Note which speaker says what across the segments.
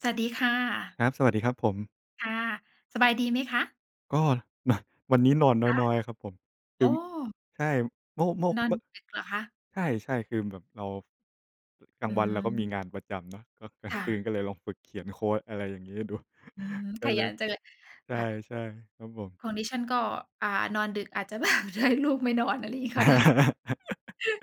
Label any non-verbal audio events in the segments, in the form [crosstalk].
Speaker 1: สวัสดีค่ะ
Speaker 2: ครับ สวัสดีครับผม
Speaker 1: ค่ะ สบายดีไหมคะ?
Speaker 2: ก็ มา วันนี้นอน
Speaker 1: คะ
Speaker 2: น้อย ๆ ครับผม ค
Speaker 1: โ
Speaker 2: ื
Speaker 1: อ
Speaker 2: อ
Speaker 1: ้
Speaker 2: ใช่ เมื่อ เมื่อ
Speaker 1: นอ
Speaker 2: เ
Speaker 1: น
Speaker 2: มื่อ
Speaker 1: ดึกเหรอคะ?
Speaker 2: ใช่ ๆ คือแบบเรา ร กลา
Speaker 1: อ
Speaker 2: ง
Speaker 1: ื
Speaker 2: วันเราก็มี
Speaker 1: ม
Speaker 2: งานประจำเนาะ ก็กลา
Speaker 1: ค
Speaker 2: ง
Speaker 1: ่
Speaker 2: คื
Speaker 1: ะ
Speaker 2: นก็เลยลองฝึกเขียนโคด อะไรอย่างงี้ดู
Speaker 1: อืม
Speaker 2: [chuckles] ก็
Speaker 1: ข
Speaker 2: เล
Speaker 1: ยั
Speaker 2: ย
Speaker 1: นจังเลย
Speaker 2: ใ
Speaker 1: ค่ะ
Speaker 2: ช่ ๆ ครับผม
Speaker 1: ของดิฉันก็ อ่า นอนดึก อาจจะ แบบ ลูกไม่นอน อะไรอย่างงี้ก็ได้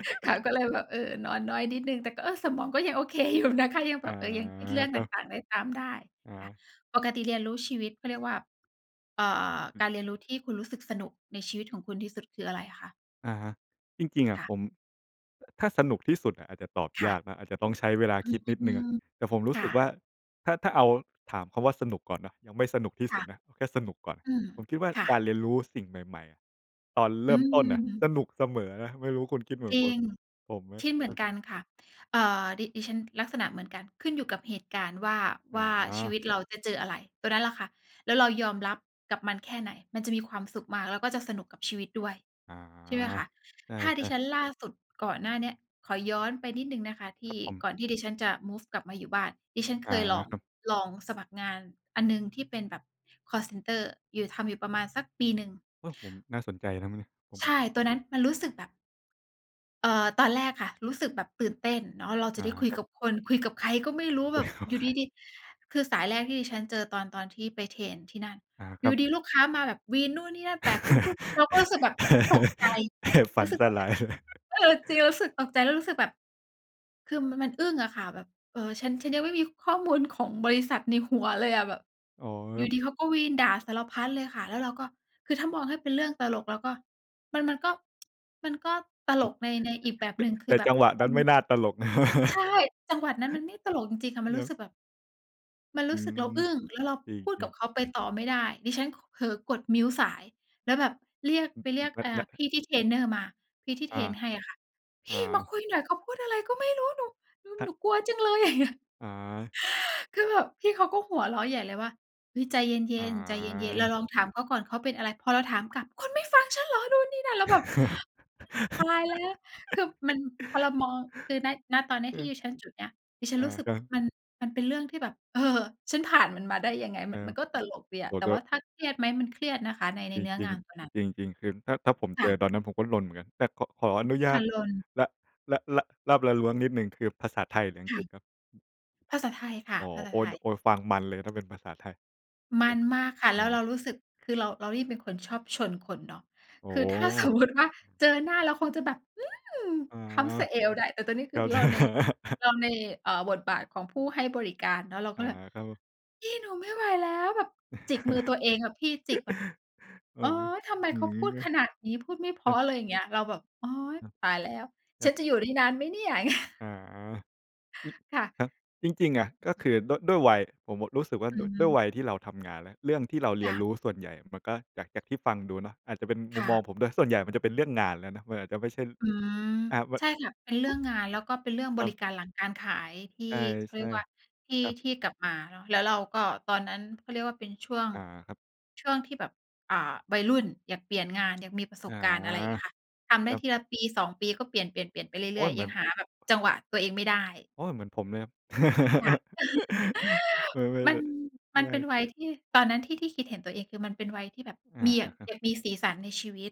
Speaker 1: [laughs] ค่ะ ก็เลยแบบ เออ นอนน้อยนิดหนึ่ง แต่ก็ เออ สมองก็ ยังโอเคอยู่นะคะ ยัง
Speaker 2: อ
Speaker 1: แบ
Speaker 2: า
Speaker 1: บ เออ ยังคิดเรื่อง
Speaker 2: คร
Speaker 1: ต
Speaker 2: ับ
Speaker 1: ่าง ๆ ได้ตามได้
Speaker 2: อ
Speaker 1: ค่ะ
Speaker 2: า
Speaker 1: ปกติเรียนรู้ชีวิต เขาเรียกว่า เอ่อ
Speaker 2: อืม
Speaker 1: การเรียนรู้ที่คุณรู้สึกสนุกในชีวิตของคุณที่สุด คืออะไรคะ?
Speaker 2: อะฮะ จริง ๆ อะ
Speaker 1: ค่ะ
Speaker 2: ผม ถ ถ้าสนุกที่สุดอะอาจจะตอบ
Speaker 1: ค่
Speaker 2: ย
Speaker 1: ะ
Speaker 2: ากนะ อาจจะต้องใช้เวลา
Speaker 1: อื
Speaker 2: คิดนิดหนึ่ง
Speaker 1: ม
Speaker 2: อะ แต่ผมรู
Speaker 1: ค
Speaker 2: ้
Speaker 1: ่
Speaker 2: สึกว่
Speaker 1: ะ
Speaker 2: า ถ้า ถ้าเอาถามคำว่าสนุกก่อนเนาะ ยังไม่สนุกที่
Speaker 1: ค
Speaker 2: สุ
Speaker 1: ่ะ
Speaker 2: ดนะ แค่สนุกก่อน
Speaker 1: อืม
Speaker 2: ผมคิดว่า
Speaker 1: ค่
Speaker 2: การ
Speaker 1: ะ
Speaker 2: เรียนรู้สิ่งใหม่ ๆ ตอนเร
Speaker 1: อ
Speaker 2: ิ่มต้นน่ะ ส
Speaker 1: ืม
Speaker 2: นุกเสมอไม่รู้คุณคิดเหมือ
Speaker 1: จ
Speaker 2: น
Speaker 1: ร
Speaker 2: ค
Speaker 1: ิ
Speaker 2: ุณ
Speaker 1: ง
Speaker 2: ผมไหม?
Speaker 1: คิดเหมื
Speaker 2: อ
Speaker 1: อน
Speaker 2: ะ
Speaker 1: กันค่ะ เอ่อ ดิ ดิฉันลักษณะเหมือนกัน ขึ้นอยู่กับเหตุการณ์ว่า
Speaker 2: อ
Speaker 1: ว
Speaker 2: ๋
Speaker 1: ่าชีว
Speaker 2: อ
Speaker 1: ิตเราจะเจออะไร ตัวนั้นแหละค่ะ แล้วเรายอมรับกับมันแค่ไหน มันจะมีความสุขมากแล้วก็จะสนุกกับชีวิตด้วย
Speaker 2: อ๋อ
Speaker 1: ใช่ไหมคะ?
Speaker 2: ใช
Speaker 1: ถ้าดิ
Speaker 2: ่
Speaker 1: ฉ
Speaker 2: ๆ
Speaker 1: ันล่าสุดก่อนหน้าเนี้ย ขอย้อนไปนิดหนึ่งนะคะท
Speaker 2: ค
Speaker 1: ี
Speaker 2: รั
Speaker 1: ่
Speaker 2: บผม
Speaker 1: ก่อนที่ดิฉันจะมูฟกลับมาอยู่บ้าน ดิฉัน
Speaker 2: อ
Speaker 1: เค
Speaker 2: า
Speaker 1: ยลอง
Speaker 2: ครับ
Speaker 1: ลองสมัครงานอันหนึ่งที่เป็นแบบคอลเซ็นเตอร์ อยู่ ทำอยู่ประมาณสักปีหนึ่ง
Speaker 2: เออ ผม น่าสนใจนะ ม นิ ผม
Speaker 1: ใช
Speaker 2: อ
Speaker 1: ่ ตอนนั้นมันรู้สึกแบบ เอ่อ ตอนแรกค่ะ รู้สึกแบบตื่นเต้นเนาะ เราจ
Speaker 2: อ
Speaker 1: ะ
Speaker 2: า
Speaker 1: ได้คุย
Speaker 2: ครั
Speaker 1: ก
Speaker 2: บ
Speaker 1: ับคน คุยกับใครก็ไม่รู้แ
Speaker 2: ไ
Speaker 1: บ
Speaker 2: ม่
Speaker 1: บ
Speaker 2: รู้
Speaker 1: อยู่
Speaker 2: ใค
Speaker 1: ด
Speaker 2: ร
Speaker 1: ี ๆ คือสายแรกที่ดิฉันเจอตอน ตอนที่ไปเทรนที่นั่น
Speaker 2: อา
Speaker 1: อ
Speaker 2: ค
Speaker 1: ยู
Speaker 2: ร
Speaker 1: ่
Speaker 2: ับ
Speaker 1: ดี ๆ ลูกค้ามาแบบวีนนู่นนี่นั่น แปลกปุ๊บ ๆ เราก็รู้สึกแบบตกใจ
Speaker 2: [laughs] ฝ
Speaker 1: ร
Speaker 2: ั
Speaker 1: ู้
Speaker 2: น
Speaker 1: สึก
Speaker 2: ส
Speaker 1: ตอน
Speaker 2: ล
Speaker 1: นั้
Speaker 2: า
Speaker 1: น
Speaker 2: ยเลย
Speaker 1: เออ จริง รู้สึกตกใจแล้วรู้สึกแบบ คือ ม มันอึ้งอะค่ะ แบบ เออ ฉัน ฉันยังไม่มีข้อมูลของบริษัทในหัวเลยอะ แบบ
Speaker 2: อ๋อ
Speaker 1: อ
Speaker 2: ค
Speaker 1: ย
Speaker 2: ร
Speaker 1: ู
Speaker 2: ั
Speaker 1: ่
Speaker 2: บ
Speaker 1: ดี ๆ เขาก็วีนด่าสารพัดเลยค่ะ แล้วเราก็ คือถ้ามองให้เป็นเรื่องตลกเราก็ มัน มันก็ [tsk] มันก็ต
Speaker 2: อ
Speaker 1: ล
Speaker 2: ัง จ
Speaker 1: ก
Speaker 2: จ
Speaker 1: ใน ในอีกแบบหนึ่ง ค
Speaker 2: แ
Speaker 1: ื
Speaker 2: ต
Speaker 1: อ
Speaker 2: ่
Speaker 1: แบ
Speaker 2: จ
Speaker 1: บ
Speaker 2: ังหวะ
Speaker 1: ม
Speaker 2: น
Speaker 1: ั
Speaker 2: ั้
Speaker 1: น
Speaker 2: นไม่น่าตลก
Speaker 1: ใช
Speaker 2: [laughs]
Speaker 1: ่ จังหวะนั้นมันไม่ตลกจริง ๆ ค่ะ มัน
Speaker 2: ค
Speaker 1: ร
Speaker 2: ร
Speaker 1: ู
Speaker 2: ั
Speaker 1: ้
Speaker 2: บ
Speaker 1: สึกแบบ มันร
Speaker 2: อื
Speaker 1: ู้สึกเ
Speaker 2: ม
Speaker 1: ราอึ้ง แล้วเรา
Speaker 2: จร
Speaker 1: พูดก
Speaker 2: ิ
Speaker 1: ั
Speaker 2: ง
Speaker 1: บ
Speaker 2: ๆ
Speaker 1: เขาไปต่อไม่ได้ ดิฉัน ก เผลอกด mute สาย แล้วแบบเรียก
Speaker 2: อื
Speaker 1: ไปเรียก อ
Speaker 2: อ
Speaker 1: ่า
Speaker 2: ๆ นะ
Speaker 1: พ
Speaker 2: ๆ
Speaker 1: ี่ที่เทรนเนอร์มา พี่ที่
Speaker 2: อ
Speaker 1: เท
Speaker 2: า
Speaker 1: รนให้อะค่ะ พ
Speaker 2: อ
Speaker 1: ี่มา
Speaker 2: า
Speaker 1: คุยหน่อยเขาพูดอะไรก็ไม่รู้ หนู หนู
Speaker 2: ครั
Speaker 1: หน
Speaker 2: บ
Speaker 1: ูกลัวจังเลย อย่างเงี้ย
Speaker 2: อา
Speaker 1: [gasps] คือแบบพี่เขาก็หัวเราะใหญ่เลยว่า "เฮ้ย ใจเย
Speaker 2: อ
Speaker 1: ็น ๆ ใจเย็น ๆ เร
Speaker 2: า
Speaker 1: าลองถามเขาก่อนเขาเป็นอะไร" พอเราถามกลับ "คุณไม่ฟังฉันเหรอ นู่นนี่นั่น" แล้วแบบ
Speaker 2: [laughs]
Speaker 1: ตายแล้ว คือมัน พอเรามอง คือ ณ ณ ตอน
Speaker 2: อื
Speaker 1: ที่
Speaker 2: ม
Speaker 1: ดิฉันจุดเนี้ย ดิฉั
Speaker 2: อ
Speaker 1: น
Speaker 2: า
Speaker 1: รู้สึก
Speaker 2: ก็
Speaker 1: มัน มันเป็นเรื่องที่แบบ เออ ฉันผ่านมันมาได้ยังไง
Speaker 2: ค
Speaker 1: ม
Speaker 2: ร
Speaker 1: ั
Speaker 2: ั
Speaker 1: น ม
Speaker 2: บ
Speaker 1: ันก็ตลกดีอ
Speaker 2: โอ
Speaker 1: ะ
Speaker 2: ้โ
Speaker 1: แ
Speaker 2: ฮ
Speaker 1: ต่
Speaker 2: ก็
Speaker 1: ว่าถ้าเครียดไหม มันเครียดนะคะ ใน ใน
Speaker 2: จ
Speaker 1: เนื้อ
Speaker 2: ริ
Speaker 1: ง
Speaker 2: ง
Speaker 1: านตัวนั้น
Speaker 2: ๆ จริง ๆ คือถ้า ถ้าผม
Speaker 1: ค
Speaker 2: เจ
Speaker 1: ่
Speaker 2: อ
Speaker 1: ะ
Speaker 2: ตอนนั้น ผมก็รนเหมือนกัน แต่ ข ขออนุญ
Speaker 1: ค
Speaker 2: า
Speaker 1: ่ะ
Speaker 2: ต
Speaker 1: รน
Speaker 2: ล ล ละลาบละล้วงนิดหนึ่ง คือภาษาไทยหรืออั
Speaker 1: ค
Speaker 2: งก
Speaker 1: ่
Speaker 2: ฤษ
Speaker 1: ะ
Speaker 2: ครับ?
Speaker 1: ภาษาไทยค่
Speaker 2: อ
Speaker 1: ะ
Speaker 2: ๋อ
Speaker 1: ภาษ
Speaker 2: โ
Speaker 1: า
Speaker 2: อ้
Speaker 1: ไทย
Speaker 2: โอ้ ฟังมันเลย ถ้าเป็นภาษาไทย
Speaker 1: ม
Speaker 2: โอ
Speaker 1: ั
Speaker 2: ้
Speaker 1: นมากค่ะ
Speaker 2: อ
Speaker 1: แ
Speaker 2: ื
Speaker 1: ล้วเร
Speaker 2: ม
Speaker 1: ารู้สึก คือเรา เรารีบเป็นคนชอบชนคนเนาะ
Speaker 2: โอ้
Speaker 1: คือ ถ้าสมมุติว่า เจอหน้าเราคงจะแบบ อืม
Speaker 2: อ๋อ
Speaker 1: เท้าสะเอวได้ แต่ตอนนี้ค
Speaker 2: เข
Speaker 1: ือ
Speaker 2: ้าใ
Speaker 1: เ
Speaker 2: จ
Speaker 1: ราใน เราใน เอ่อ บทบาทของผู้ให้บริการเนาะ เรา
Speaker 2: อ
Speaker 1: ก
Speaker 2: า
Speaker 1: ็แบบ
Speaker 2: ก็
Speaker 1: พี่หนูไม่ไหวแล้ว แบบจิกมือตัวเองอะพี่ จิกแบบ
Speaker 2: [laughs] เอ
Speaker 1: โ
Speaker 2: อ
Speaker 1: อ๊ย ทำไม
Speaker 2: อื
Speaker 1: เขา
Speaker 2: ม
Speaker 1: พูดขนา
Speaker 2: ค
Speaker 1: ดนี้ พูดไม่เพร
Speaker 2: ร
Speaker 1: า
Speaker 2: ั
Speaker 1: ะ
Speaker 2: บ
Speaker 1: อะไรอย่างเงี้ย เราแบบ โอ๊ย
Speaker 2: อืม
Speaker 1: ตายแล้ว
Speaker 2: คร
Speaker 1: ฉ
Speaker 2: ั
Speaker 1: ั
Speaker 2: บ
Speaker 1: นจะอยู่ได้นานไหมเนี่ย อย่างเงี้ย
Speaker 2: อา อืม
Speaker 1: ค่ะ
Speaker 2: ครับ จริง ๆ อะ ก็คือด้วย ด้วยวัย ผมอะรู้สึกว่า
Speaker 1: อื
Speaker 2: ด ด้วย
Speaker 1: ม
Speaker 2: วัยที่เราทำงานแล้ว เรื่องที่เราเร
Speaker 1: ค
Speaker 2: ี
Speaker 1: ่
Speaker 2: ยนร
Speaker 1: ะ
Speaker 2: ู้ส่วนใหญ่มันก็ จาก จากที่ฟังดูเนาะ อาจจะเป็นม
Speaker 1: ค
Speaker 2: ุม
Speaker 1: ่
Speaker 2: ม
Speaker 1: ะ
Speaker 2: องผมด้วยส่วนใหญ่มันจะเป็นเรื่องงานแล้วนะ มันอาจจะไม่ใช่ ล
Speaker 1: อืม
Speaker 2: อา
Speaker 1: ใช่ค่ะ เป็นเรื่อ
Speaker 2: ว
Speaker 1: งงาน แล้วก็เป็นเรื่อง
Speaker 2: ค
Speaker 1: บ
Speaker 2: ร
Speaker 1: ร
Speaker 2: ั
Speaker 1: ิ
Speaker 2: บ
Speaker 1: การหลังการขายที่
Speaker 2: ใ
Speaker 1: เขา
Speaker 2: ช
Speaker 1: เรี
Speaker 2: ่
Speaker 1: ยกว่า ที่
Speaker 2: ๆ ครับ
Speaker 1: ที่กลับมา แล้วเราก็ตอนนั้นเขาเรียกว่าเป็นช่วง
Speaker 2: อ่า ครับ
Speaker 1: ช่วงที่แบบ อ่า วัยรุ่นอยากเปลี่ยนงาน อยากมีประส
Speaker 2: อา
Speaker 1: บการณ์ อะไรอย่างเงี้ยค่ะ ทำ
Speaker 2: ค
Speaker 1: ได้
Speaker 2: รับ
Speaker 1: ทีละปี 2 ปีก็เปลี่ยน ๆ ๆ ไปเร
Speaker 2: โอ๊
Speaker 1: ื่อ
Speaker 2: ย
Speaker 1: ย
Speaker 2: เหม
Speaker 1: ๆ ย
Speaker 2: ื
Speaker 1: ั
Speaker 2: อ
Speaker 1: ง
Speaker 2: น
Speaker 1: หาแบบจังหวะตัวเองไม่ได้
Speaker 2: โอ้ย เหมือนผมเลย
Speaker 1: ค่ะ [laughs]
Speaker 2: [laughs] ไม่ ไม่
Speaker 1: มัน
Speaker 2: ไ
Speaker 1: มั
Speaker 2: ม
Speaker 1: นเป็น
Speaker 2: ่
Speaker 1: วัยที่ ตอนนั้นที่ ที่คิดเห็นตัวเอง คือมันเป็นวัยที่แบบ
Speaker 2: อา
Speaker 1: มี อย
Speaker 2: ครับ
Speaker 1: ากมีสีสันในชีวิต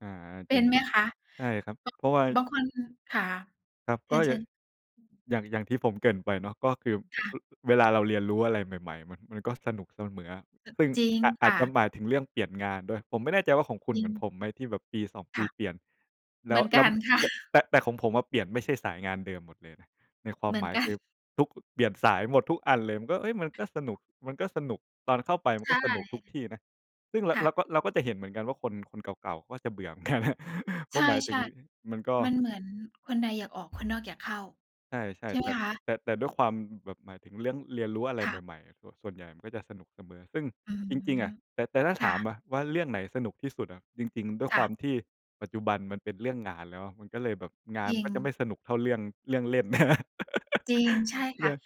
Speaker 2: อา
Speaker 1: เป
Speaker 2: จ
Speaker 1: ็
Speaker 2: ริง
Speaker 1: นไหมคะ?
Speaker 2: ใช่ครับ เพราะว่า
Speaker 1: ก บางคน ค่ะ
Speaker 2: ครับ
Speaker 1: เช
Speaker 2: ก็อย
Speaker 1: ิ
Speaker 2: ่าง
Speaker 1: ญ ๆ
Speaker 2: อย่าง อย่างที่ผมเกริ่นไปเนาะ ก็คือ
Speaker 1: ค่ะ
Speaker 2: อ เวลาเราเรียนรู้อะไรใหม่ ๆ มัน มันก็สนุกเสมออะ
Speaker 1: เออ
Speaker 2: ซึ่ง
Speaker 1: จริง
Speaker 2: อาจ อ
Speaker 1: ค
Speaker 2: าจ
Speaker 1: ่
Speaker 2: จะ
Speaker 1: ะ
Speaker 2: หมายถึงเรื่องเปลี่ยนงานด้วย ผมไม่แน่ใจว่า ของคุณ
Speaker 1: จร
Speaker 2: เ
Speaker 1: ิ
Speaker 2: หมือน
Speaker 1: ง
Speaker 2: ผมไหมที่แบบปี 2 ป
Speaker 1: ค
Speaker 2: ี
Speaker 1: ่ะ
Speaker 2: เปลี่ยน แ
Speaker 1: เ
Speaker 2: ล
Speaker 1: หม
Speaker 2: ้
Speaker 1: ื
Speaker 2: ว
Speaker 1: อน
Speaker 2: แล
Speaker 1: ก
Speaker 2: ้
Speaker 1: ั
Speaker 2: ว
Speaker 1: น ค่ะ
Speaker 2: แต่ แต่ของผมอะเปลี่ยนไม่ใช่สายงานเดิมหมดเลยนะ ในควา
Speaker 1: เ
Speaker 2: ม
Speaker 1: หมื
Speaker 2: ห
Speaker 1: อ
Speaker 2: ม
Speaker 1: น
Speaker 2: าย
Speaker 1: กั
Speaker 2: ค
Speaker 1: น
Speaker 2: ือทุก เปลี่ยนสายหมดทุกอันเลย มันก็ เอ๊ย มันก็สนุก มันก็สนุก ตอนเข้าไปมั
Speaker 1: ใ
Speaker 2: น
Speaker 1: ช
Speaker 2: ก็
Speaker 1: ่
Speaker 2: สนุกทุกที่นะ ซึ่งเรา
Speaker 1: ค่
Speaker 2: เร
Speaker 1: ะ
Speaker 2: าก็ เราก็จะเห็นเหมือนกันว่า คน คนเก่า ๆ ก็จะเบื่อเหมือน กัน เพ
Speaker 1: ใ
Speaker 2: รา
Speaker 1: ช
Speaker 2: ะหมายถึง
Speaker 1: ่
Speaker 2: มันก็
Speaker 1: ๆ มันเหมือนคนในอยากออก คนนอกอยากเข้า
Speaker 2: ใช่
Speaker 1: ใช่
Speaker 2: ๆ
Speaker 1: ไห
Speaker 2: แ
Speaker 1: ม
Speaker 2: ต่
Speaker 1: คะ?
Speaker 2: แต่ แต่ด้วยความแบบหมายถึงเรื่องเรียนรู้อะไร
Speaker 1: ค่
Speaker 2: ใ
Speaker 1: ะ
Speaker 2: หม่ ๆ ส ส่วนใหญ่มันก็จะสนุกเสมอ ซึ่ง
Speaker 1: อื
Speaker 2: จริง ๆ อ
Speaker 1: ม
Speaker 2: ะ แต่ แต่ถ้า
Speaker 1: ค
Speaker 2: ถ
Speaker 1: ่
Speaker 2: าม
Speaker 1: ะ
Speaker 2: อะว่า เรื่องไหนสนุกที่สุดอะ จริง ๆ ด้วย
Speaker 1: ค
Speaker 2: ค
Speaker 1: ่
Speaker 2: วา
Speaker 1: ะ
Speaker 2: มที่ปัจจุบันมันเป็นเรื่องงานแล้ว มันก็เลยแบบงา
Speaker 1: จ
Speaker 2: น
Speaker 1: ร
Speaker 2: ม
Speaker 1: ิ
Speaker 2: ันก็จะไม
Speaker 1: ง
Speaker 2: ่สนุกเท่าเรื่อง เรื่องเล่น [laughs]
Speaker 1: จริง ใช่ค
Speaker 2: เรื
Speaker 1: ่
Speaker 2: ่
Speaker 1: ะ
Speaker 2: อง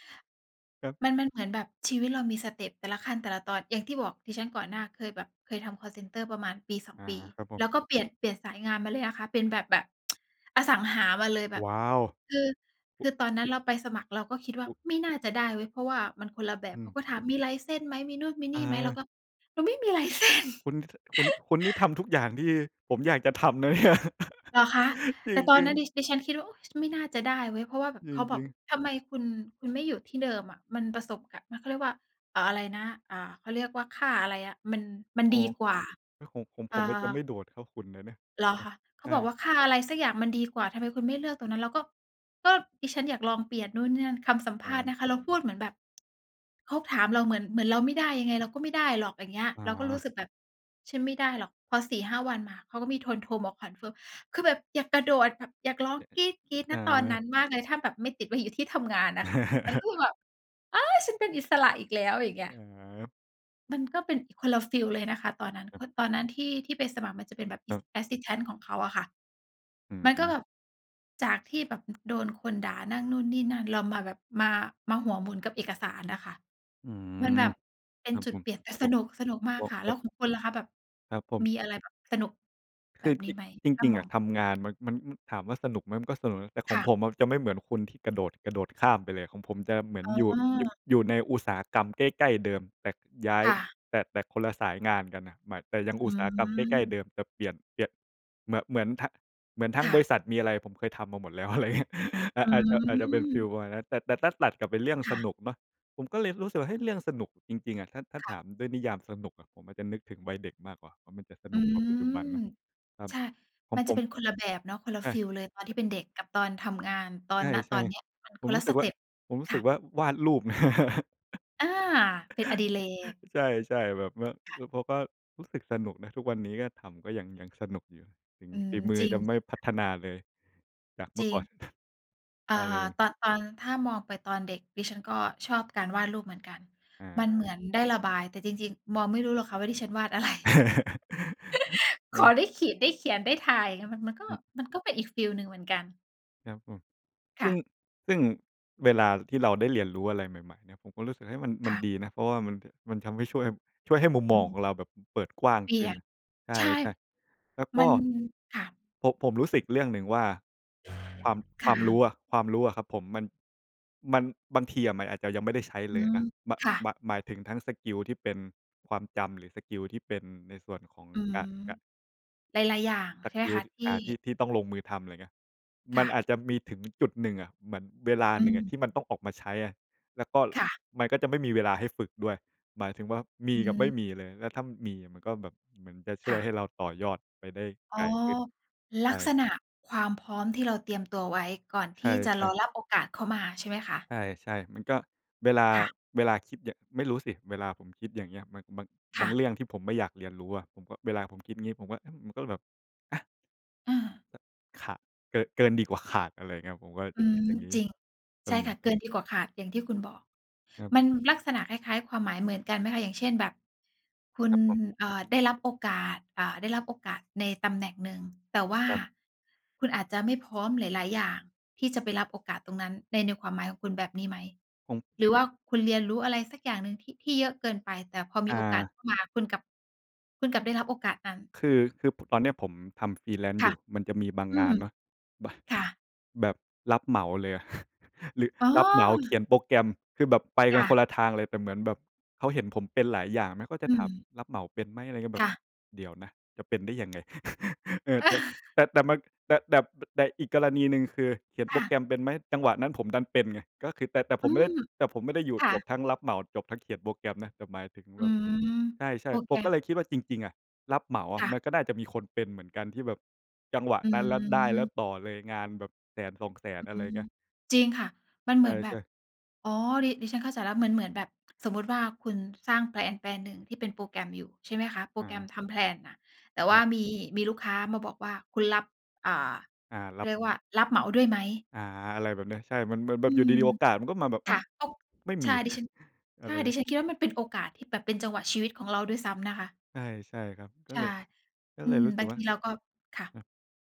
Speaker 2: ครับ
Speaker 1: มัน มันเหมือนแบบชีวิตเรามีสเต็ป แต่ละขั้นแต่ละตอน อย่างที่บอกดิฉันก่อนหน้าเคยแบบ เคยทำคอลเซ็นเตอร์ประมาณปี 2
Speaker 2: อา
Speaker 1: ปี
Speaker 2: ครับผ
Speaker 1: แล
Speaker 2: ม
Speaker 1: ้วก็เปลี่ยน เปลี่ยนสายงานมาเลยอะคะ เป็นแบบ แบบ [tsk] อสังหามาเลยแบบ
Speaker 2: ว้าว
Speaker 1: คือ
Speaker 2: อ
Speaker 1: ค
Speaker 2: ุ
Speaker 1: ือตอนนั้นเราไปสมัครเราก็คิดว่า
Speaker 2: อุ
Speaker 1: ไม่น่าจะได้เว้ย เพราะว่ามันคนละแบ
Speaker 2: อ
Speaker 1: บ เขา
Speaker 2: ืม
Speaker 1: ก็ถามมี license ไหม มีนู่นมีน
Speaker 2: เ
Speaker 1: ี่ไหม เรา
Speaker 2: ออ
Speaker 1: ก็ เราไม่มี license
Speaker 2: คุณ ท คุณ คุณนี่ท
Speaker 1: [laughs]
Speaker 2: ำทุกอย่างที่ผมอยากจะทำ นะเนี่ย
Speaker 1: เหรอคะ?
Speaker 2: จ
Speaker 1: แต่ตอน
Speaker 2: ริ
Speaker 1: น
Speaker 2: ง
Speaker 1: ั้นด
Speaker 2: ๆ
Speaker 1: ิ ดิฉันคิดว่า อุ๊ย ฉันไม่น่าจะได้เว้ย เพราะว่าแบบ
Speaker 2: จ
Speaker 1: เขาบ
Speaker 2: ร
Speaker 1: อ
Speaker 2: ิ
Speaker 1: ก
Speaker 2: ง ๆ
Speaker 1: ทำไมคุณ คุณไม่อยู่ที่เดิมอะ มันประสบกับ มัน เขาเรียกว่า เอ่อ อะไรนะ อ่า เขาเรียกว่าค่าอะไรอะ มัน มัน
Speaker 2: อ๋อ
Speaker 1: ดีกว่า
Speaker 2: แล้วของผม
Speaker 1: เอ่
Speaker 2: ผมจะไม่
Speaker 1: อ
Speaker 2: โดดเท่าคุณนะเนี่ย
Speaker 1: เหรอ
Speaker 2: ครั
Speaker 1: ค
Speaker 2: บ
Speaker 1: ะ? เข
Speaker 2: ใช
Speaker 1: า
Speaker 2: ่
Speaker 1: บอกว่าค่าอะไรสักอย่างมันดีกว่า ทำไมคุณไม่เลือกตรงนั้น เราก็ ก็ดิฉันอยากลองเปลี่ยนนู่นนี่นั่น คำสัมภ
Speaker 2: อ๋
Speaker 1: าษณ์น
Speaker 2: อ
Speaker 1: ะคะ เราพูดเหมือนแบบ เขาถามเราเหมือน เหมือนเราไม่ได้ ยังไงเราก็ไม่ได้หรอก อย่างเงี้ย
Speaker 2: อ
Speaker 1: เราก็รู้
Speaker 2: า
Speaker 1: สึกแบบฉันไม่ได้หรอก พอ 4-5 วันมา เขาก็มีทนโทร โทรมาคอนเฟิร์ม คือแบบอยากกระโดดแบบอยากร้องกรี๊
Speaker 2: [chuckles]
Speaker 1: ด ๆ ณ
Speaker 2: อ
Speaker 1: ตอนน
Speaker 2: า
Speaker 1: ั้นมากเลยถ้าแบบไม่ติดไว้อยู่ที่ทำงานน่ะค่ะ มันก็
Speaker 2: [laughs]
Speaker 1: แบบ เอ๊ย ฉันเป็นอิสระอีกแล้ว อะไรอย่าง
Speaker 2: เ
Speaker 1: เงี้ย
Speaker 2: ออ
Speaker 1: มันก็เป็นอีกคนละฟีลเลยนะคะตอนนั้น
Speaker 2: คร
Speaker 1: ก
Speaker 2: ับ
Speaker 1: ็ตอนนั้นที่ ที่ไปสมัครมันจะเป็นแบบ
Speaker 2: ครั
Speaker 1: ส
Speaker 2: บ
Speaker 1: Assistant ของเขาอะค่ะ
Speaker 2: อื
Speaker 1: มันก็
Speaker 2: ม
Speaker 1: แบบ จากที่แบบโดนคนด่านั่นนู่นนี่นั่น เรามาแบบ มา มาหัวหมุนกับเอกสารน่ะค่ะ
Speaker 2: อื
Speaker 1: มัน
Speaker 2: ม
Speaker 1: แบบเป็
Speaker 2: ค
Speaker 1: น
Speaker 2: รับ
Speaker 1: จุ
Speaker 2: ผ
Speaker 1: ด
Speaker 2: ม
Speaker 1: เปลี่ยน แต่
Speaker 2: พ
Speaker 1: ส
Speaker 2: วก
Speaker 1: นุก สนุกมา
Speaker 2: พ
Speaker 1: ก
Speaker 2: วก
Speaker 1: ค่ะ
Speaker 2: พ
Speaker 1: แล้
Speaker 2: วก
Speaker 1: วของคุณล่ะคะ แบบ
Speaker 2: ครับผม
Speaker 1: มีอะไรแบบสนุก
Speaker 2: ค
Speaker 1: แบ
Speaker 2: ือ
Speaker 1: บนี
Speaker 2: จ
Speaker 1: ้ไหม?
Speaker 2: จ
Speaker 1: ถ้
Speaker 2: ร
Speaker 1: า
Speaker 2: ิง
Speaker 1: ม
Speaker 2: ๆ อ
Speaker 1: อ
Speaker 2: ะ
Speaker 1: ง
Speaker 2: ทำงาน มัน มัน ถามว่าสนุกไหม มันก็สนุกนะ แต่ข
Speaker 1: ค
Speaker 2: อง
Speaker 1: ่ะ
Speaker 2: ผมอะจะไม่เหมือนคุณ ที่กระโดด กระโดดข้ามไปเลย ของผมจะเหมือ
Speaker 1: อ
Speaker 2: น
Speaker 1: ๋
Speaker 2: อยู่ ย
Speaker 1: อ
Speaker 2: อยู่ในอุตสาหกรรมใกล้ ๆ เดิม แต่ย้าย
Speaker 1: ค่ะ
Speaker 2: แต่ แต่คนละสายงานกันน่ะ หมาย แต่ยังอ
Speaker 1: อ
Speaker 2: ุต
Speaker 1: ื
Speaker 2: สาหกรรมใกล้ ๆ เ
Speaker 1: ม
Speaker 2: ดิม แต่เปลี่ยน เปลี่ยน เหมือน เหมือนทั้ง เหมือนทั้
Speaker 1: ค
Speaker 2: ง
Speaker 1: ่
Speaker 2: บร
Speaker 1: ะ
Speaker 2: ิษัทมีอะไร ผมเคยทำมาหมดแล้ว อะไรอย่างเงี้ย
Speaker 1: อื
Speaker 2: อาจ อาจ อาจจะเป็นฟี
Speaker 1: อ
Speaker 2: ลประมาณนั้น แต่ แต่ถ้าตัดกลับเป็นเรื่อง
Speaker 1: ค
Speaker 2: ส
Speaker 1: ่ะ
Speaker 2: นุกเนาะ ผมก็เลยรู้สึกว่า เฮ้ย เรื่องสนุกจริง ๆ อะ ถ้า ถ้า
Speaker 1: ค
Speaker 2: ถ
Speaker 1: ่ะ
Speaker 2: ามด้วยนิยามสนุกอะ ผมอะจะนึกถึงวัยเด็กมากกว่าว่า มันจะส
Speaker 1: อื
Speaker 2: นุกกว่าปัจจุบัน
Speaker 1: อ
Speaker 2: นะ ครับ
Speaker 1: ใช่
Speaker 2: ขอ
Speaker 1: ม
Speaker 2: ง
Speaker 1: ัน
Speaker 2: ผ
Speaker 1: จะ
Speaker 2: ม
Speaker 1: เป็นคนละแบบเนาะ คนละ
Speaker 2: ใช
Speaker 1: ฟีลเลยตอนที่
Speaker 2: ่
Speaker 1: เป็นเด็กกับตอนทำงาน ตอ
Speaker 2: ใช
Speaker 1: น ณ ตอ
Speaker 2: ่
Speaker 1: นเนี้ย มัน
Speaker 2: ๆ ผ
Speaker 1: ค
Speaker 2: ม
Speaker 1: น
Speaker 2: ร
Speaker 1: ล
Speaker 2: ู
Speaker 1: ะ
Speaker 2: ้ส
Speaker 1: ส
Speaker 2: ึก
Speaker 1: เ
Speaker 2: ว
Speaker 1: ต
Speaker 2: ่า
Speaker 1: ็ป
Speaker 2: ผมรู้
Speaker 1: ค
Speaker 2: ส
Speaker 1: ่
Speaker 2: ึก
Speaker 1: ะ
Speaker 2: ว่าวาดรูป [laughs]
Speaker 1: อา เป็นอดิเรก
Speaker 2: ใช่ ๆ แบบว่า
Speaker 1: ค่
Speaker 2: แล้
Speaker 1: ะ
Speaker 2: วเขาก็รู้สึกสนุกนะ ทุกวันนี้ก็ทำ ก็ยัง ยังสนุกอยู่ ถึง
Speaker 1: อื
Speaker 2: ฝ
Speaker 1: ม
Speaker 2: ีมือ
Speaker 1: จริง
Speaker 2: จะไ
Speaker 1: จ
Speaker 2: ม่
Speaker 1: ริง
Speaker 2: พ
Speaker 1: ค
Speaker 2: ั
Speaker 1: ่ะ
Speaker 2: ฒนาเลยจากเม
Speaker 1: จ
Speaker 2: ื่
Speaker 1: ร
Speaker 2: อ
Speaker 1: ิ
Speaker 2: ก
Speaker 1: ง
Speaker 2: ่อน
Speaker 1: อ่
Speaker 2: อ
Speaker 1: า
Speaker 2: ะไรอย่าง
Speaker 1: ตอน ตอนถ้ามองไปตอนเด็ก ดิฉันก็ชอบการวาดรูปเหมือนกัน
Speaker 2: อ
Speaker 1: มันเหม
Speaker 2: า
Speaker 1: ือนได้ระบาย แต่จริง ๆ มองไม่รู้หรอกค่ะ ว่าดิฉันวาด อะไร
Speaker 2: [laughs]
Speaker 1: [laughs]
Speaker 2: อ
Speaker 1: ขอ
Speaker 2: ือ
Speaker 1: ได้ขีด ได้เขียนได้ถ่าย มัน มันก็
Speaker 2: อืม
Speaker 1: มันก็เป็นอีกฟีลหนึ่งเหมือนกัน
Speaker 2: ครับผม
Speaker 1: ค
Speaker 2: ซ
Speaker 1: ่
Speaker 2: ึ่
Speaker 1: ะ
Speaker 2: ง ซึ่งเวลาที่เราได้เรียนรู้อะไรใหม่ ๆ เนี่ย ผมก็รู้สึก เฮ้ย มัน ม
Speaker 1: ค
Speaker 2: ัน
Speaker 1: ่ะ
Speaker 2: ดีนะ เพราะว่ามัน ป มันทำให้ช่วย ช่วยให้มุมม
Speaker 1: อ
Speaker 2: อ
Speaker 1: ื
Speaker 2: งข
Speaker 1: ม
Speaker 2: องเราแบบเปิดกว้าง
Speaker 1: เปลี
Speaker 2: ข
Speaker 1: ่
Speaker 2: ึ้
Speaker 1: ย
Speaker 2: น
Speaker 1: น
Speaker 2: ใ
Speaker 1: ใช่
Speaker 2: ช่ ๆ แล้วก
Speaker 1: มั
Speaker 2: ็
Speaker 1: น ค่ะ
Speaker 2: ผม- ผมรู้สึกอีกเรื่องหนึ่งว่า ความ
Speaker 1: ค
Speaker 2: คว
Speaker 1: ่ะ
Speaker 2: ามรู้อะ ความรู้อะครับผม มัน มัน บางทีอะมันอาจจะยังไม่ได้ใช้
Speaker 1: อื
Speaker 2: เลย
Speaker 1: ม
Speaker 2: นะ ม
Speaker 1: ค่ะ
Speaker 2: ม หมายถึงทั้งสกิลที่เป็นความจำ หรือสกิลที่เป็นในส่วนของ
Speaker 1: อืม
Speaker 2: ก ก
Speaker 1: หลาย ๆ อย่าง
Speaker 2: ส
Speaker 1: ใช่ไ
Speaker 2: ก
Speaker 1: หม
Speaker 2: ิล
Speaker 1: ค
Speaker 2: ด
Speaker 1: ะ? ที
Speaker 2: อ
Speaker 1: ่
Speaker 2: ่า ที่ ที่ต้องลงมือทำ ไรเงี้ย
Speaker 1: ค
Speaker 2: ม
Speaker 1: ่
Speaker 2: ัน
Speaker 1: ะ
Speaker 2: อาจจะมีถึงจุดหนึ่งอะ เหมือนเวลา
Speaker 1: อื
Speaker 2: หนึ่งอ
Speaker 1: ม
Speaker 2: ะที่มันต้องออกมาใช้อะ แล้วก็
Speaker 1: ค่ะ
Speaker 2: มันก็จะไม่มีเวลาให้ฝึกด้วย หมายถึงว่ามี
Speaker 1: อื
Speaker 2: กับไม่
Speaker 1: ม
Speaker 2: มีเลย แล้วถ้ามีมันก็แบบเหมือนจะช
Speaker 1: ค
Speaker 2: ่ว
Speaker 1: ่
Speaker 2: ย
Speaker 1: ะ
Speaker 2: ให้เราต่อยอดไปได้
Speaker 1: อ๋
Speaker 2: ไ
Speaker 1: อ
Speaker 2: กลขึ้น
Speaker 1: ล
Speaker 2: ใช
Speaker 1: ักษ
Speaker 2: ่
Speaker 1: ณะความพร้อมที่เราเตรียมตัวไว้ก่อน
Speaker 2: ใ
Speaker 1: ท
Speaker 2: ช
Speaker 1: ี่จะร
Speaker 2: ่
Speaker 1: อ
Speaker 2: ๆ
Speaker 1: รับโอกาสเข้ามาใช่ไหมคะ?
Speaker 2: ใช่ ๆ มันก็ เวลา
Speaker 1: ค่ะ
Speaker 2: เวลาคิดเนี่ย ไม่รู้สิ เวลาผมคิดอย่างเงี้ย มัน บาง
Speaker 1: ค
Speaker 2: บ
Speaker 1: ่
Speaker 2: างเร
Speaker 1: ะ
Speaker 2: ื่องที่ผมไม่อยากเรียนรู้อะ ผมก็ เวลาผมคิดงี้ผมก็ อืม มันก็เลยแบบ อะ
Speaker 1: เออ
Speaker 2: ห ข เกอ เกินดีกว่าขาด อะไรเงี้ย ผมก็จ
Speaker 1: อ
Speaker 2: ะ
Speaker 1: ื
Speaker 2: คิด
Speaker 1: ม
Speaker 2: อย่างนี้
Speaker 1: จริง
Speaker 2: แต่
Speaker 1: ใช่
Speaker 2: เหมื
Speaker 1: ค่
Speaker 2: อน
Speaker 1: ะ
Speaker 2: ก
Speaker 1: เ
Speaker 2: ั
Speaker 1: กิ
Speaker 2: บ
Speaker 1: นดีกว่าขาด อย่างที่คุณบอก
Speaker 2: ครับ
Speaker 1: มัน ลักษณะคล้าย ๆ ความหมายเหมือนกันไหมคะ? อย่างเช่นแบบ คุ
Speaker 2: ค
Speaker 1: ณ
Speaker 2: รับผม
Speaker 1: เอ่อ ได้รับโอกาส เอ่อ ได้รับโอกาสในตำแหน่งหนึ่ง แต่ว่า
Speaker 2: ครับ
Speaker 1: คุณอาจจะไม่พร้อมหลาย ๆ อย่าง ที่จะไปรับโอกาสตรงนั้นใน ในความหมายของคุณแบบนี้ไหม?
Speaker 2: ผม
Speaker 1: หรือว่าคุณเรียนรู้อะไรสักอย่างหนึ่งที่ ที่เยอะเกินไป แต่พอม
Speaker 2: อ
Speaker 1: ีโอกาส
Speaker 2: า
Speaker 1: เข้ามาคุณกลับ คุณกลับได้รับโอกาสนั้น
Speaker 2: คือ คือ ป ตอนเนี้ยผมทำ freelance
Speaker 1: ค
Speaker 2: อย
Speaker 1: ่ะ
Speaker 2: ู่ มันจะมีบาง
Speaker 1: อื
Speaker 2: งา
Speaker 1: ม
Speaker 2: นเนาะ บ
Speaker 1: ค่ะ
Speaker 2: แบบรับเหมาเลยอะ [laughs] รึ
Speaker 1: อ๋
Speaker 2: รับเหมาเข
Speaker 1: อ!
Speaker 2: ียนโปรแกรม คือแบบไป
Speaker 1: ค
Speaker 2: กัน
Speaker 1: ่ะ
Speaker 2: คนละทางเลย แต่เหมือนแบบเขาเห็นผมเป็นหลายอย่างมั้ง ก็จ
Speaker 1: อ
Speaker 2: ะ
Speaker 1: ื
Speaker 2: ถาม
Speaker 1: ม
Speaker 2: "รับเหมาเป็นไหม?" อะไรเงี้ย แบ
Speaker 1: ค่
Speaker 2: บ
Speaker 1: ะ
Speaker 2: เดี๋ยวนะ จะเป็นได้ยังไง? [laughs] เออ แต่
Speaker 1: [laughs]
Speaker 2: แต่ แต่มัน แต่ แต่ บ ด แต่ อีกกรณีหนึ่งคือ "เขียน
Speaker 1: ค
Speaker 2: โป
Speaker 1: ่
Speaker 2: รแก
Speaker 1: ะ
Speaker 2: รมเป็นไหม?" จังหวะนั้นผมดันเป็นไง ก็คือ แต่ แต่ผ
Speaker 1: อื
Speaker 2: มไม่ได้
Speaker 1: ม
Speaker 2: แต่ผมไม่ได้อยู่
Speaker 1: ค่
Speaker 2: จบ
Speaker 1: ะ
Speaker 2: ทั้งรับเหมา จบทั้งเขียนโปรแกรมนะ แต่หมายถึง
Speaker 1: อื
Speaker 2: แบบ
Speaker 1: ม
Speaker 2: ใช
Speaker 1: โป
Speaker 2: ่
Speaker 1: ร
Speaker 2: ๆ
Speaker 1: แ
Speaker 2: ผ
Speaker 1: กร
Speaker 2: มก็
Speaker 1: ม
Speaker 2: เลยคิดว่าจริง ๆ อะ รับเหมาอ
Speaker 1: ค
Speaker 2: ะ
Speaker 1: ่ะ
Speaker 2: มันก็น่าจะมีคนเป็นเหมือนกัน ที่แบบจังหวะ
Speaker 1: อ
Speaker 2: นั้นแล้ว ได้แล้
Speaker 1: ืม
Speaker 2: วต่อเลย งานแบบ 100,000-200,000
Speaker 1: อื
Speaker 2: อะไร
Speaker 1: ม
Speaker 2: เงี้ย
Speaker 1: จริงค่ะ มันเห
Speaker 2: ใ
Speaker 1: มือนแบ
Speaker 2: ช
Speaker 1: บ
Speaker 2: ่ ๆ
Speaker 1: อ๋อ ดิ ดิฉันเข้าใจแล้ว เหมือน เหมือนแบบสมมุติว่า คุณสร้างแพลนแปลนหนึ่งที่เป็นโปรแกรมอยู่ ใช่ไหมคะ โปร
Speaker 2: อ
Speaker 1: แกรม
Speaker 2: า
Speaker 1: ทำแพลนน่ะ แต่ว
Speaker 2: ค
Speaker 1: ่
Speaker 2: รั
Speaker 1: า
Speaker 2: บ
Speaker 1: มี มีลูกค้ามาบอกว่า คุณรับ อ่า
Speaker 2: อา
Speaker 1: เข
Speaker 2: ร
Speaker 1: า
Speaker 2: ับ
Speaker 1: เรียกว่า รับเหมาด้วยไหม?
Speaker 2: อา อะไรแบบเนี้ย ใช่ มันแบบ แบ
Speaker 1: อื
Speaker 2: บอยู่
Speaker 1: ม
Speaker 2: ดี ๆ โอกาสมันก็มาแบบ อ้
Speaker 1: ค
Speaker 2: า
Speaker 1: ่
Speaker 2: ว?
Speaker 1: ะ ก็
Speaker 2: ไม่
Speaker 1: ใ
Speaker 2: ม
Speaker 1: ช
Speaker 2: ี
Speaker 1: ่ ดิฉั
Speaker 2: [chuckles]
Speaker 1: น
Speaker 2: อ
Speaker 1: ใ
Speaker 2: ะ
Speaker 1: ช
Speaker 2: ไ
Speaker 1: ่
Speaker 2: ร
Speaker 1: ด
Speaker 2: น
Speaker 1: ิ
Speaker 2: ะ?
Speaker 1: ฉันคิดว่า มันเป็นโอกาสที่แบบเป็นจังหวะชีวิตของเราด้วยซ้ำนะคะ
Speaker 2: ใช่ ใช่ครับ ก็
Speaker 1: ใช
Speaker 2: เ
Speaker 1: ่
Speaker 2: ลย ก็
Speaker 1: อื
Speaker 2: เลย
Speaker 1: ม
Speaker 2: รู้ส
Speaker 1: บ
Speaker 2: ึ
Speaker 1: า
Speaker 2: ก
Speaker 1: งท
Speaker 2: ว่
Speaker 1: ี
Speaker 2: า
Speaker 1: เราก็ ค่ะ
Speaker 2: อา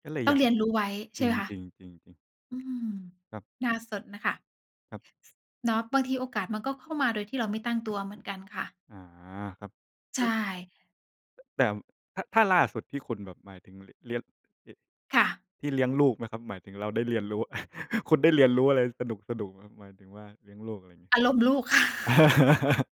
Speaker 2: ก็เลย
Speaker 1: ต้
Speaker 2: อ
Speaker 1: อ
Speaker 2: ย
Speaker 1: ง
Speaker 2: าก
Speaker 1: เรียนรู้ไว้ ใช
Speaker 2: จ
Speaker 1: ่
Speaker 2: ร
Speaker 1: ไ
Speaker 2: ิ
Speaker 1: หมคะ
Speaker 2: ง ๆ ๆ ๆ
Speaker 1: อืม
Speaker 2: ครับ
Speaker 1: น่าสนน่ะค่ะ
Speaker 2: ครับ
Speaker 1: เนาะ บางทีโอกาสมันก็เข้ามาโดยที่เราไม่ตั้งตัวเหมือนกันค่ะ
Speaker 2: อา ครับ
Speaker 1: ใ
Speaker 2: เ
Speaker 1: ช
Speaker 2: อ๊ย!
Speaker 1: ่
Speaker 2: แต่ ถ ถ้าล่าสุดที่คุณแบบหมายถึง ล เลี้ยง เหะ
Speaker 1: ค่ะ
Speaker 2: ที่เลี้ยงลูกไหมครับ? หมายถึงเราได้เรียนรู้ [laughs] คุณได้เรียนรู้อะไรสนุก ๆ ไหมครับ? หมายถึงว่าเลี้ยงลูก อะไรงี้
Speaker 1: อารมณ์ลูก [laughs] ค่ะ
Speaker 2: [laughs]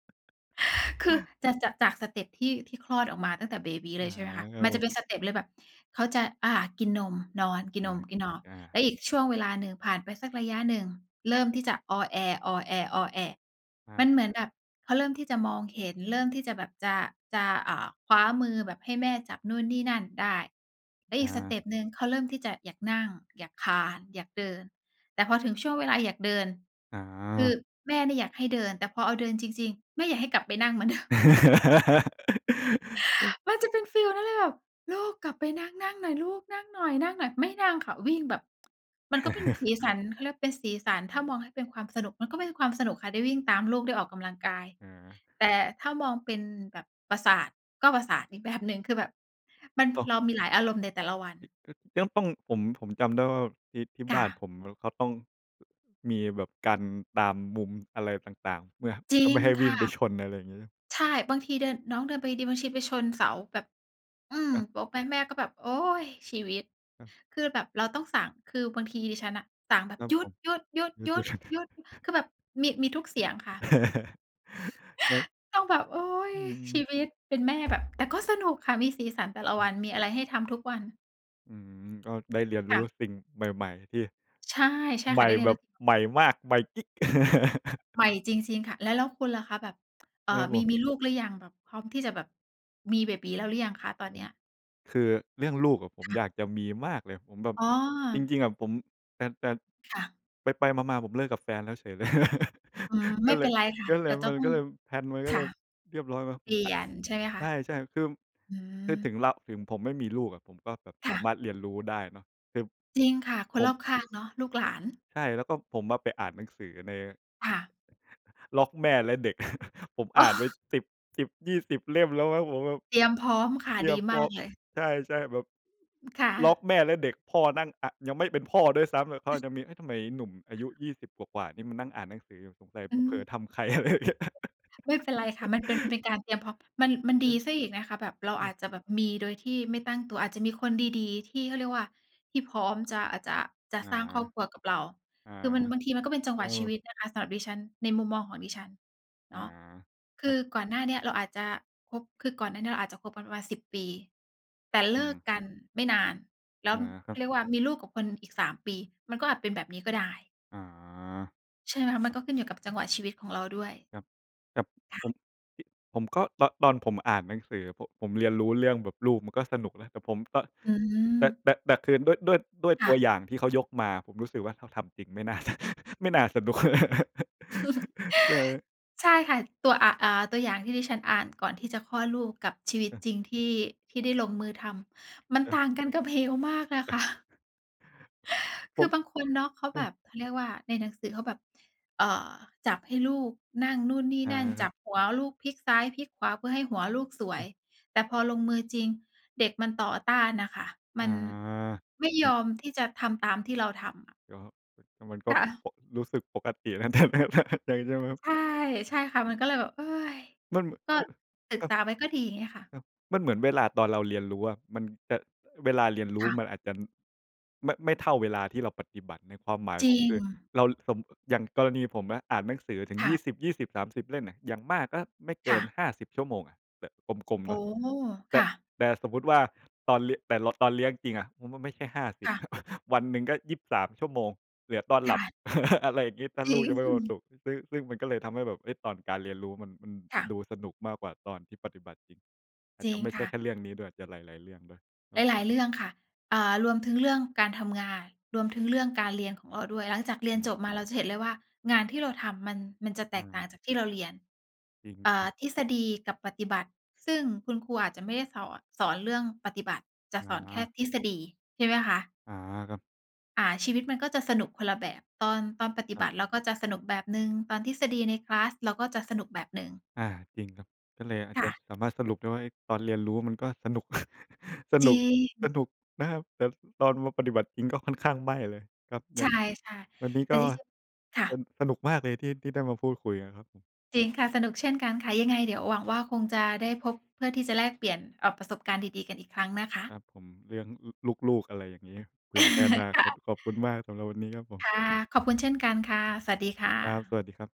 Speaker 1: คือจะ จะ จากสเต็ปที่ ที่คลอดออกมาตั้งแต่เบบี
Speaker 2: อ
Speaker 1: เ
Speaker 2: า
Speaker 1: ลย ใช่ไหมคะ
Speaker 2: เข
Speaker 1: มันจะ
Speaker 2: า
Speaker 1: เป็นสเต็ปเลยแบบ เขาจะ อ่า กินนม นอน กินนม กินนอน
Speaker 2: อา
Speaker 1: แล้
Speaker 2: ๆ
Speaker 1: วอีกช่วงเวลาหนึ่ง ผ่านไปสักระยะหนึ่ง เริ่มที่จะอ้อแอ้ ๆ
Speaker 2: อ
Speaker 1: ๆ
Speaker 2: า
Speaker 1: มันเหมือนแบบเขาเริ่มที่จะมองเห็น เริ่มที่จะแบบจะ จะ อ่า คว้ามือ แบบให้แม่จับนู่นนี่นั่นได้ แล้ว
Speaker 2: อ
Speaker 1: อีกสเ
Speaker 2: า
Speaker 1: ต็ปหนึ่ง เขาเริ่มที่จะอยากนั่ง อยากคลาน อยากเดิน แต่พอถึงช่วงเวลาอยากเดิน คื
Speaker 2: อา
Speaker 1: อแม่เนี่ยอยากให้เดิน แต่พอเอาเดินจริง ๆ แม่อยากให้กลับไปนั่งเหมือน เดิม
Speaker 2: [laughs]
Speaker 1: มันจะเป็นฟีลนั้นเลยแบบ ลูกกลับไปนั่ง นั่งหน่อยลูก นั่งหน่อย ๆ ไม่นั่งค่ะ วิ่งแบบ มันก็เป็นสีส
Speaker 2: [laughs]
Speaker 1: ัน เขาเรียกว่า เป็นสีสัน ถ้ามองให้เป็นความสนุก มันก็เป็นความสนุกค่ะ ได้วิ่งตามลูก ได้ออกกำลังกาย
Speaker 2: เออ
Speaker 1: แต่ถ้ามองเป็นแบบประสาท ก็ประสาทอีก แบบ หนึ่ง คือแบบมัน
Speaker 2: โตะ
Speaker 1: เรามีหลายอารมณ์ในแต่ละวัน
Speaker 2: ย อ เรื่องป้อง ผม ผมจำได้ว่า ที่ ที่
Speaker 1: ค
Speaker 2: บ
Speaker 1: ่
Speaker 2: ้าน
Speaker 1: ะ
Speaker 2: ผมแล้วก็ต้อง มีแบบกันตามมุมอะไรต่าง ๆ เมื่อ
Speaker 1: จ
Speaker 2: เ
Speaker 1: ร
Speaker 2: พ
Speaker 1: ิ
Speaker 2: ื่อไม่
Speaker 1: ง
Speaker 2: ให้ว
Speaker 1: ค
Speaker 2: ิ่
Speaker 1: ่
Speaker 2: ง
Speaker 1: ะ
Speaker 2: ไปชน อะไรอย่างงี้
Speaker 1: ใช่ บางทีเดิน น้องเดินไปดี ๆ บางที ไปชนเสาแบบ อืม
Speaker 2: กะ
Speaker 1: โป๊กไป แม่ก็แบบ โอ๊ย! ชีวิต
Speaker 2: อา
Speaker 1: คือแบบเราต้องสั่ง คือบางทีดิฉันน่ะ สั่งแบบ
Speaker 2: ครั
Speaker 1: "ห
Speaker 2: บ
Speaker 1: ยุ
Speaker 2: ผม
Speaker 1: ด
Speaker 2: [laughs] เดี๋ย
Speaker 1: ๆ ๆ
Speaker 2: ว ๆ
Speaker 1: ๆ ๆ คือแบบมี มีทุกเสียงค่ะ
Speaker 2: [laughs] แล้ว
Speaker 1: [gasps] ต้องแบบ โอ๊ย
Speaker 2: อื
Speaker 1: ชี
Speaker 2: ม
Speaker 1: วิต! เป็นแม่ แบบ แต่ก็สนุกค่ะ มีสีสันแต่ละ
Speaker 2: อ
Speaker 1: ว
Speaker 2: ือ
Speaker 1: ัน มีอะไรให้ทำทุกวัน
Speaker 2: อืม ก็ได้เรียน
Speaker 1: ค
Speaker 2: รู
Speaker 1: ่
Speaker 2: ้
Speaker 1: ะ
Speaker 2: สิ่งใหม่ ๆ ที่
Speaker 1: ใช่ ใช่
Speaker 2: ให
Speaker 1: ค
Speaker 2: ม
Speaker 1: ่ะ
Speaker 2: ่
Speaker 1: ได้เรีย
Speaker 2: แบ
Speaker 1: น ร
Speaker 2: บ ใหม่มาก ใหม่กิ๊ก [laughs]
Speaker 1: ใหม่จริง ๆ ค่ะ แล้ว แล้วคุณล่ะคะ แบบ เอ่
Speaker 2: คร
Speaker 1: อ
Speaker 2: ับ
Speaker 1: ม
Speaker 2: ผ
Speaker 1: ี
Speaker 2: ม
Speaker 1: มีลูกหรือยังแบบ พร้อมที่จะแบบมีเบบี๋แล้วหรือยังคะตอน
Speaker 2: ผ
Speaker 1: เนี
Speaker 2: ม
Speaker 1: ้ย?
Speaker 2: คือเรื่องลูกอะ ผม
Speaker 1: ค่
Speaker 2: อ
Speaker 1: ะ
Speaker 2: ยากจะมีมากเลย ผมแบบ
Speaker 1: อ๋อ
Speaker 2: จริง ๆ อะผม แต่ แต่
Speaker 1: ค่ะ
Speaker 2: ไป ๆ มา ๆ ผมเลิกกับแฟนแล้วเฉยเลย
Speaker 1: อืม
Speaker 2: [laughs]
Speaker 1: ไ
Speaker 2: ก
Speaker 1: ม
Speaker 2: ็
Speaker 1: ่
Speaker 2: เ
Speaker 1: เ
Speaker 2: ล
Speaker 1: ป็
Speaker 2: ย
Speaker 1: นไรค่ะ
Speaker 2: ก็เ
Speaker 1: เ
Speaker 2: ล
Speaker 1: ดี
Speaker 2: ย
Speaker 1: ๋ยวจะ
Speaker 2: มัน
Speaker 1: ต้อ
Speaker 2: ก
Speaker 1: ง
Speaker 2: ็เลย แพลนมัน
Speaker 1: ค
Speaker 2: ก็เ
Speaker 1: ่
Speaker 2: ล
Speaker 1: ะ
Speaker 2: ยเรียบร้อยเนาะ
Speaker 1: เป
Speaker 2: ผ
Speaker 1: ล
Speaker 2: ม
Speaker 1: ี่
Speaker 2: อ
Speaker 1: ยนใช่ไหมค
Speaker 2: ใ
Speaker 1: ะ?
Speaker 2: ช่ ๆ คือ
Speaker 1: อื
Speaker 2: คือถึ
Speaker 1: ม
Speaker 2: งเรา ถึงผมไม่มีลูกอะ ผมก็แบบ
Speaker 1: ค
Speaker 2: ส
Speaker 1: ่
Speaker 2: า
Speaker 1: ะ
Speaker 2: มารถเรียนรู้ได้เนาะ คือ
Speaker 1: จริงค่ะ ค
Speaker 2: ผ
Speaker 1: นร
Speaker 2: ม
Speaker 1: อบข้างเนาะ ลูกหลาน
Speaker 2: ใช่ แล้วก็ผมอะไปอ่านหนังสือใน
Speaker 1: ค่ะ
Speaker 2: บล็อกแม่และเด็ก [laughs] ผม
Speaker 1: อ
Speaker 2: อ
Speaker 1: ้
Speaker 2: ่านไป
Speaker 1: อ
Speaker 2: 10, 10, 20 เล่ม แล้วแม่งผมแบบ
Speaker 1: เตรียมพร้อมค่ะ ดีมาก
Speaker 2: [unintelligible]
Speaker 1: เลย
Speaker 2: ใช่ ๆ แบบ
Speaker 1: อืม ค่
Speaker 2: บล็
Speaker 1: ะ
Speaker 2: อกแม่และเด็กพ่อนั่ง อะ ยังไม่เป็นพ่อด้วยซ้ำอะ เขาอาจจะมี "เอ๊ะ ทำไมหนุ่มอายุ 20 กว่า ๆ นี่มันนั่งอ่านหนังสือสงสัยไ
Speaker 1: อ
Speaker 2: ป
Speaker 1: ื
Speaker 2: เผล
Speaker 1: ม
Speaker 2: อทำใคร" อะไรอย่างเงี้ย
Speaker 1: ไม่เป็นไรค่ะ มันเป็น มัน
Speaker 2: [laughs]
Speaker 1: เป็นการเตรียมพร้อม มัน มัน
Speaker 2: อ
Speaker 1: ดี
Speaker 2: ือ
Speaker 1: เสียอีกนะคะ แบบเรา
Speaker 2: อื
Speaker 1: อ
Speaker 2: อ
Speaker 1: าจจะแบบมีโดยที่ไม่ตั้งตัว อาจจะมีคนดี ๆ ที่เขาเรียกว่า ที่พร้อมจะ อาจจะ จะ
Speaker 2: อา
Speaker 1: สร้างครอบครัวกับเรา
Speaker 2: อา
Speaker 1: คือมัน บางทีมันก็เป็นจัง
Speaker 2: เ
Speaker 1: ห
Speaker 2: อ
Speaker 1: วะ
Speaker 2: อ
Speaker 1: ชีวิตนะคะสำหรับดิฉัน ในมุมมองของดิฉันเ
Speaker 2: อา
Speaker 1: นาะ ค
Speaker 2: ครั
Speaker 1: ื
Speaker 2: บ
Speaker 1: อก่อนหน้าเนี้ยเราอาจจะคบ คือก่อนหน้านี้เราอาจจะคบกันประมาณ 10 ปี แต่เ
Speaker 2: อ
Speaker 1: ล
Speaker 2: ื
Speaker 1: ิก
Speaker 2: ม
Speaker 1: กันไม่นาน แล้ว
Speaker 2: อา ค
Speaker 1: เ
Speaker 2: ร
Speaker 1: ข
Speaker 2: ับ
Speaker 1: าเรียกว่า มีลูกกับคนอีก 3 ปี มันก็อาจเป็นแบบนี้ก็ได้
Speaker 2: อ๋อ
Speaker 1: ใช่ไหมคะ? มันก็ขึ้นอยู่กับจังหวะชีวิตของเราด้วย
Speaker 2: แต่ แต่
Speaker 1: ค่
Speaker 2: ผม
Speaker 1: ะ
Speaker 2: ที่ ผมก็ตอน ตอนผมอ่านหนังสือ ผม ผมเรียนรู้เรื่องแบบลูกมันก็สนุกแล้ว แต่ผมก็
Speaker 1: อื
Speaker 2: แต่
Speaker 1: ม
Speaker 2: แต่ แต่ แต่คือด้วย ด้วย ด้วย
Speaker 1: ค
Speaker 2: ต
Speaker 1: ่
Speaker 2: ัว
Speaker 1: ะ
Speaker 2: อย่างที่เขายกมา ผมรู้สึกว่า ถ้าทำจริง ไม่น่าจะ ไม่น่าสนุก
Speaker 1: [laughs] ใช่ค่ะ ตัว อ อ่า ตัวอย่างที่ดิฉันอ่านก่อนที่จะคลอดลูกกับชีวิต
Speaker 2: เออ
Speaker 1: จริงที่ ที่ได้ลงมือทำ มัน
Speaker 2: เออ
Speaker 1: ต่างกันกับเหวมากนะ คะ
Speaker 2: [chuckles]
Speaker 1: [inhales]
Speaker 2: ผ
Speaker 1: คือ
Speaker 2: ม
Speaker 1: บางคนเนาะเขา
Speaker 2: อื
Speaker 1: แบ
Speaker 2: ม
Speaker 1: บ เขาเรียกว่า ในหนังสือเขาแบบ เอ่อ จับให้ลูกนั่งนู่น นี่
Speaker 2: อา
Speaker 1: นั่น
Speaker 2: คร
Speaker 1: จ
Speaker 2: ั
Speaker 1: ั
Speaker 2: บ
Speaker 1: บหัวลูกพลิกซ้าย พลิกขวาเพื่อให้หัวลูกสว
Speaker 2: เอ
Speaker 1: ย
Speaker 2: อ
Speaker 1: แต่พอลงมือจริง เด็กมันต่อต้านน่ะค่ะ
Speaker 2: อ
Speaker 1: ม
Speaker 2: า
Speaker 1: ันไม่
Speaker 2: จร
Speaker 1: ย
Speaker 2: ิง
Speaker 1: อมที่จะทำตามที่เราทำอะ
Speaker 2: ก็ ก็มันก็
Speaker 1: ค่ะ
Speaker 2: ปก รู้สึกปกตินะ แต่ แต่ แต่ ใช่ไหมครับ?
Speaker 1: ใช่ ใช่ค่ะ มันก็เลยแบบ
Speaker 2: มัน
Speaker 1: [sighs] ก็
Speaker 2: ห
Speaker 1: ศึ
Speaker 2: ค
Speaker 1: ก
Speaker 2: รับ
Speaker 1: ษาไว้ก็ดี เงี้ยค่ะ
Speaker 2: ครับ มันเหมือนเวลาตอนเราเรียนรู้อะ มันจะ เวลาเรียนรู
Speaker 1: ค
Speaker 2: ้
Speaker 1: ่ะ
Speaker 2: มันอาจจะไม่ ไม่เท่าเวลาที่เราปฏิบัติ ในความหมาย
Speaker 1: จร
Speaker 2: ผ
Speaker 1: ิ
Speaker 2: มคือ
Speaker 1: ง
Speaker 2: เรา สม อย่างกรณีผมนะ อ่านหนังสือถึง
Speaker 1: ค
Speaker 2: ย
Speaker 1: ่
Speaker 2: ี่
Speaker 1: ะ
Speaker 2: สิบยี่สิบสามสิบ เล่มอะ อย่างมากก็ไม่เก
Speaker 1: ค่
Speaker 2: ิน
Speaker 1: ะ
Speaker 2: 50 ชั่วโมงอะ แบบกลม
Speaker 1: โ
Speaker 2: ๆ
Speaker 1: อ
Speaker 2: เ
Speaker 1: ้
Speaker 2: นาะ แต
Speaker 1: ค
Speaker 2: ่
Speaker 1: ่ะ
Speaker 2: แต่สมมุติว่า ตอนลิ แต่ละ ตอนเลี้ยงจริงอะ ผมว่าไม่ใช่ ห้าสิ
Speaker 1: ค
Speaker 2: บ
Speaker 1: ่ะ
Speaker 2: [chuckles] วันหนึ่งก็ 23 ชั่วโมง เหลือตอน
Speaker 1: ค
Speaker 2: หล
Speaker 1: ่
Speaker 2: ับ
Speaker 1: ะ
Speaker 2: [laughs] อะไรอย่างงี้ ถ้า
Speaker 1: จร
Speaker 2: ลู
Speaker 1: ิ
Speaker 2: กยังไม่โอต
Speaker 1: ง
Speaker 2: ุ ซึ่ง ซึ่งมันก็เลยทำให้แบบ เฮ่ย ตอนการเรียนรู้มัน มัน
Speaker 1: ค่ะ
Speaker 2: ดูสนุกมากกว่าตอนที่ปฏิบัติจริง อาจ
Speaker 1: จ
Speaker 2: จ
Speaker 1: ริ
Speaker 2: ะ
Speaker 1: ง
Speaker 2: ไม่ใช
Speaker 1: ค
Speaker 2: ่
Speaker 1: ่
Speaker 2: แค
Speaker 1: ะ
Speaker 2: ่เรื่องนี้ด้วย อาจจะหลาย ๆ เรื่องด้วย คร
Speaker 1: ห
Speaker 2: ับผ
Speaker 1: ลา
Speaker 2: ม
Speaker 1: ย ๆ เรื่องค่ะ อ่า รวมถึงเรื่องการทำงาน รวมถึงเรื่องการเรียนของเราด้วย หลังจากเรี
Speaker 2: อ
Speaker 1: ยน
Speaker 2: ื
Speaker 1: จ
Speaker 2: ม
Speaker 1: บมาเราจะเห็นเลยว่า งานที่เราทำมัน มันจะแ
Speaker 2: อ
Speaker 1: ตกต่า
Speaker 2: า
Speaker 1: งจากที่เราเรียน
Speaker 2: จร
Speaker 1: เอ่อ
Speaker 2: ิง ๆ
Speaker 1: ทฤษฎีกับปฏิบัติซึ่งคุณครูอาจจะไม่ได้สอน สอนเรื่องปฏิบัติ จะ
Speaker 2: อ
Speaker 1: ส
Speaker 2: ๋
Speaker 1: อนแค่
Speaker 2: อ
Speaker 1: ทฤษฎี ใช่ไหมคะ?
Speaker 2: อา ครับ
Speaker 1: อ่า ชีวิตมันก็จะสนุกคนละแบบ ตอน ตอนปฏิ
Speaker 2: ครั
Speaker 1: บ
Speaker 2: บ
Speaker 1: ัติเราก็จะสนุกแบบหนึ่ง ตอนทฤษฎีในคลาสเราก็จะสนุกแบบหนึ่ง
Speaker 2: อา จริงครับ ก็เลยอาจ
Speaker 1: ค
Speaker 2: จ
Speaker 1: ่
Speaker 2: ะ
Speaker 1: ะ
Speaker 2: สามารถสรุปได้ว่า เฮ่ย ตอนเรียนรู้มันก็สนุก [laughs] ส
Speaker 1: จ
Speaker 2: นุ
Speaker 1: ริ
Speaker 2: ก ส
Speaker 1: ง
Speaker 2: นุกนะครับ แต่ตอนมาปฏิบัติจริง ก็ค่อนข้างไม่เลย ก็
Speaker 1: ใ
Speaker 2: ย
Speaker 1: ช
Speaker 2: ัง
Speaker 1: ่
Speaker 2: วันนี้
Speaker 1: ๆ แต
Speaker 2: ก
Speaker 1: ่
Speaker 2: ็
Speaker 1: จริง ๆ ค่
Speaker 2: ส
Speaker 1: ะ
Speaker 2: สนุกมากเลยที่ ที่ได้มาพูดคุยกันครับผม
Speaker 1: จริงค่ะ สนุกเช่นกันค่ะ ยังไงเดี๋ยวหวังว่า คงจะได้พบเพื่อที่จะแลกเปลี่ยน เอ่อ ประสบการณ์ดี ๆ กันอีกครั้งนะค
Speaker 2: ค
Speaker 1: ะ
Speaker 2: รับผม เรื่อง ล ลูก ๆ อะไรอย่างนี้ เผื่อในอนา
Speaker 1: [laughs] ค
Speaker 2: ค
Speaker 1: ่
Speaker 2: ต
Speaker 1: ะ
Speaker 2: ขอบคุณมากสำหรับวันนี้ครับผม
Speaker 1: ค่ะ ขอบคุณเช่นกันค่ะ สวัสดีค่
Speaker 2: ครับ ส
Speaker 1: ะ
Speaker 2: วัสดีครับ